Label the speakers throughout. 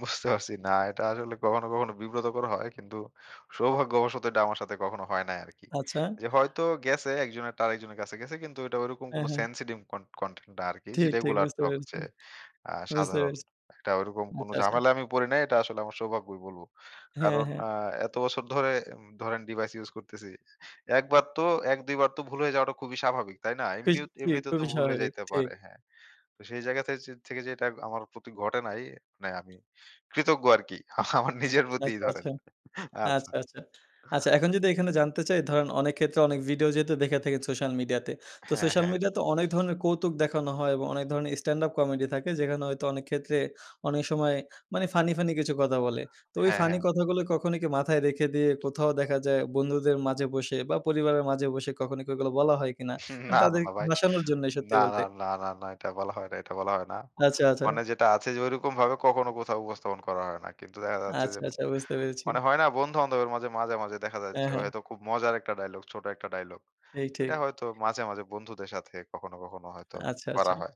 Speaker 1: বুঝতে পারছি। না, এটা আসলে কখনো, কখনো বিব্রতকর হয়। কিন্তু সৌভাগ্যবশত এটা আমার সাথে কখনো হয় নাই আরকি।
Speaker 2: আচ্ছা।
Speaker 1: যে হয়তো গেছে একজনের একটা আরেকজনের কাছে গেছে, কিন্তু এটা ঐরকম
Speaker 2: হ্যাঁ,
Speaker 1: কোনো
Speaker 2: হ্যাঁ।
Speaker 1: সেনসিটিভ কন কনটেন্ট না আরকি যে,
Speaker 2: ঠিক, ঠিক,
Speaker 1: রেগুলার
Speaker 2: বুঝতে পেরেছি।
Speaker 1: ঠকছে আ
Speaker 2: বুঝতে
Speaker 1: সাধারণ।
Speaker 2: পেরেছি।
Speaker 1: এটা ওরকম কোন
Speaker 2: আচ্ছা, আচ্ছা।
Speaker 1: ঝামেলা আমি পড়ি নাই। এটা আসলে আমার সৌভাগ্যই বলব।
Speaker 2: হ্যাঁ,
Speaker 1: কারণ
Speaker 2: হ্যাঁ।
Speaker 1: আ এত বছর ধরে উম ধরেন ডিভাইস ইউস করতেছি। ১ বার তো, ১-২ বার তো ভুল হয়ে যাওয়াটা খুবই স্বাভাবিক। তাই না? এমনিত
Speaker 2: কুস্তি
Speaker 1: এমনিতে তো
Speaker 2: খুবই
Speaker 1: ভুল হয়ে
Speaker 2: স্বাভাবিক,
Speaker 1: যাইতে
Speaker 2: ঠিক।
Speaker 1: পারে হ্যাঁ। তো সেই জায়গা থেযে থেকে যেটা আমার প্রতি ঘটে নাই মানে, আমি কৃতজ্ঞ আরকি। আমার নিজের প্রতিই
Speaker 2: আচ্ছা,
Speaker 1: ধরেন।
Speaker 2: আচ্ছা।
Speaker 1: আচ্ছা।
Speaker 2: আচ্ছা, আচ্ছা। আচ্ছা, এখন যদি এখানে জানতে চাই ধরেন, অনেক ক্ষেত্রে অনেক ভিডিও যেহেতু দেখে থাকেন সোশ্যাল মিডিয়াতে। তো
Speaker 1: হ্যাঁ,
Speaker 2: সোশ্যাল
Speaker 1: হ্যাঁ।
Speaker 2: মিডিয়া তে অনেক ধরনের কৌতুক দেখানো হয় এবং অনেক ধরনের স্ট্যান্ড আপ কমেডি থাকে, যেখানে হয়তো অনেক ক্ষেত্রে, অনেক সময় মানে ফানি, ফানি কিছু কথা বলে। তো ওই
Speaker 1: হ্যাঁ,
Speaker 2: ফানি
Speaker 1: হ্যাঁ।
Speaker 2: কথাগুলো কখনো কি মাথায় রেখে দিয়ে, কোথাও দেখা যায় বন্ধুদের মাঝে বসে বা পরিবারের মাঝে বসে, কখনো কি ওগুলো বলা হয় কিনা
Speaker 1: হুম, না,
Speaker 2: মানে
Speaker 1: না, না,
Speaker 2: তাদেরকে
Speaker 1: ভাই।
Speaker 2: হাঁসানোর জন্যই,
Speaker 1: না,
Speaker 2: সত্যি
Speaker 1: না,
Speaker 2: বলতে।
Speaker 1: না, না, না, এটা বলা হয় না, এটা বলা হয় না।
Speaker 2: আচ্ছা, আচ্ছা।
Speaker 1: মানে যেটা আছে যে, ঐরকমভাবে কখনো কোথাও উপস্থাপন করা হয় না। কিন্তু দেখা যাচ্ছে যে,
Speaker 2: আচ্ছা, আচ্ছা, বুঝতে পেরেছি।
Speaker 1: মানে হয় না? বন্ধু-বান্ধবের মাঝে; মাঝে, মাঝে দেখা যাচ্ছে
Speaker 2: হ্যাঁ, হ্যাঁ।
Speaker 1: হয়তো খুব মজার একটা ডায়ালগ, ছোট একটা ডায়ালগ।
Speaker 2: এই ঠিক।
Speaker 1: এটা হয়তো মাঝে, মাঝে বন্ধুদের সাথে কখনো, কখনো হয়তো
Speaker 2: আচ্ছা,
Speaker 1: করা
Speaker 2: আচ্ছা।
Speaker 1: হয়।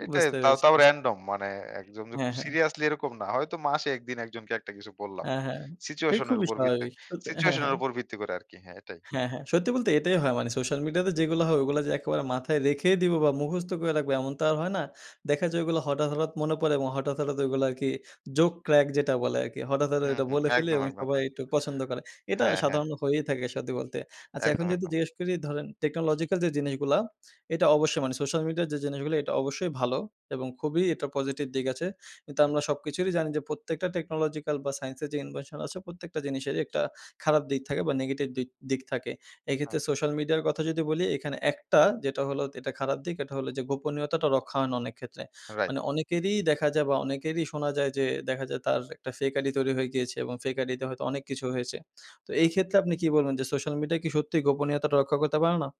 Speaker 1: এইটাই
Speaker 2: বুঝতে
Speaker 1: তাও,
Speaker 2: পেরেছি।
Speaker 1: তাও
Speaker 2: বুঝতে
Speaker 1: রান্ডম। মানে ১ জন, যে
Speaker 2: হ্যাঁ,
Speaker 1: খুব
Speaker 2: হ্যাঁ।
Speaker 1: সিরিয়াসলি এরকম না। হয়তো মাসে ১ দিন একজনকে একটা কিছু বললাম।
Speaker 2: হ্যাঁ, হ্যাঁ। এই
Speaker 1: সিচুয়েশন এর
Speaker 2: খুবই
Speaker 1: উপর ভিত্তি
Speaker 2: স্বাভাবিক। স হ্যাঁ,
Speaker 1: সিচুয়েশন এর
Speaker 2: হ্যাঁ।
Speaker 1: উপর ভিত্তি করে আরকি হ্যাঁ, এটাই।
Speaker 2: হ্যাঁ, হ্যাঁ। সত্যি বলতে এটাই হয়। মানে সোশ্যাল মিডিয়াতে যেগুলো হয়, ওগুলো যে একেবারে মাথায় রেখে দিবো বা মুখস্থ করে রাখবো, এমন তো আর হয় না। দেখা যায় ওগুলো হঠাৎ, হঠাৎ মনে পড়ে এবং হঠাৎ, হঠাৎ ওইগুলো আরকি জোক ক্রাক, যেটা বলে আরকি। হঠাৎ, হঠাৎ
Speaker 1: হুম,
Speaker 2: এটা
Speaker 1: হুম,
Speaker 2: বলে ফেলে
Speaker 1: একদম,
Speaker 2: এবং
Speaker 1: একদম,
Speaker 2: সবাই
Speaker 1: হ্যাঁ।
Speaker 2: একটু পছন্দ করে। এটা
Speaker 1: হ্যাঁ, হ্যাঁ।
Speaker 2: সাধারণ হয়েই থাকে সত্যি বলতে। আচ্ছা, এখন
Speaker 1: একদম,
Speaker 2: যদি
Speaker 1: একদম।
Speaker 2: জিজ্ঞেস করি ধরেন, টেকনোলজিক্যাল যে জিনিসগুলা, এটা অবশ্যই মানে সোশ্যাল মিডিয়া যে জিনিসগুলো এটা অবশ্যই ভালো এবং খুবই এটা পজিটিভ দিক আছে। কিন্তু
Speaker 1: হু।
Speaker 2: আমরা সবকিছুরই জানি যে, প্রত্যেকটা টেকনোলজিক্যাল বা সাইন্স এর যে ইনভেনশন আছে, প্রত্যেকটা জিনিসেরই একটা খারাপ দিক থাকে বা নেগেটিভ দিক, দিক থাকে। এক্ষেত্রে
Speaker 1: হুম।
Speaker 2: সোশ্যাল মিডিয়ার কথা যদি বলি, এখানে একটা যেটা হলো এটা খারাপ দিক, এটা হলো যে গোপনীয়তাটা রক্ষা হয় না অনেক ক্ষেত্রে।
Speaker 1: রাইট।
Speaker 2: মানে অনেকেরই দেখা যায় বা অনেকেরই শোনা যায় যে, দেখা যায় তার একটা ফেক আইডি তৈরি হয়ে গিয়েছে এবং ফেক আইডিতে হয়তো অনেক কিছু হয়েছে। তো এই
Speaker 1: হ্যাঁ।
Speaker 2: ক্ষেত্রে আপনি কি বলবেন যে, সোশ্যাল মিডিয়া কি সত্যিই গোপনীয়তা রক্ষা করতে পারে না?